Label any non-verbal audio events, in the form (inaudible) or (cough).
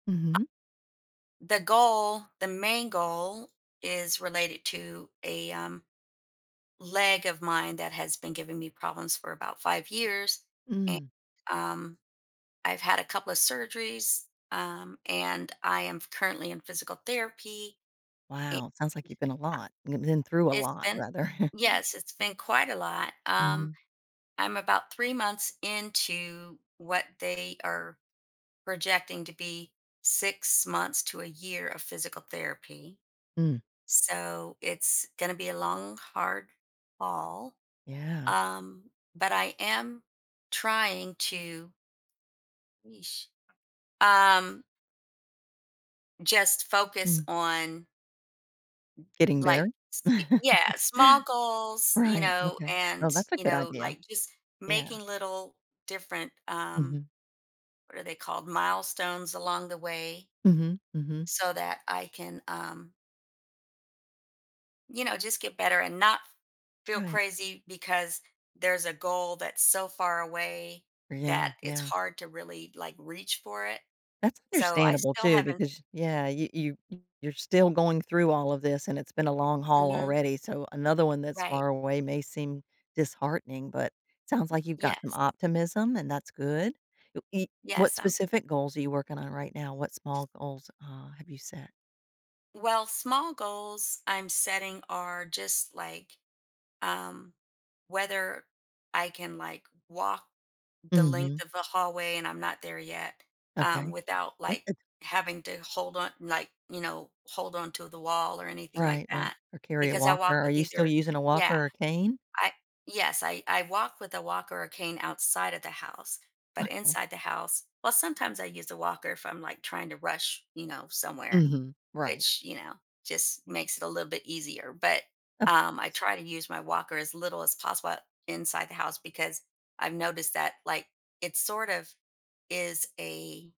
I Mhm. The goal, the main goal is related to a, um, leg of mine that has been giving me problems for about 5 years. Eh, Mm. um, I've had a couple of surgeries, um, and I am currently in physical therapy a Wow, sounds like you've been a lot you've been through a It's lot been rather. (chuckles) Yes, it's been quite a lot, um, Mhm. I'm about 3 months into what they are projecting to be 6 months to a year of physical therapy, Mm. so it's gonna be a long, hard fall, Yeah. um, but I am trying to yeesh, um just focus Mm. on Getting like better? s Y yeah, (chuckles) small goals, you Right, know, okay. Well, and, that's a you good know, idea. like, just Yeah. making little different, um- Mhm. what are they called- milestones along the way Mhm, mhm. so that I can, um you know, just get better, and not f feel Right. crazy because there's a goal that's so far away Yeah, that it's yeah. hard to really, like, reach for it, That's so, I understandable, still too, haven't because, yeah, you you you're still going through all of this, and it's been a long haul Mhm. already, so another one that's Right. far away may seem disheartening, but sounds like you've got some Yes. optimism, and that's good. You i what Yes, I'm specific goals are you working on right now, what small goals, uh, have you set? Well, small goals I'm setting are just, like, um, whether I can, like, walk the length Mhm. of the hallway- and I'm not there yet- um, Okay, without, good. like, having to hold on like, you know, hold on to the wall or anything like Right, right, that or carry a because I walker. walk Are with you still either using a walker Yeah, or a cane? I Yes, I I walk with a walker or cane outside of the house, but Okay. inside the house well, sometimes I use a walker if I'm, like, trying to rush, you know, somewhere, Mhm, right. which, you know, just makes it a little bit easier, but, Of um, I course. try to use my walker as little as possible o inside the house because I've noticed that, like, it sort of is a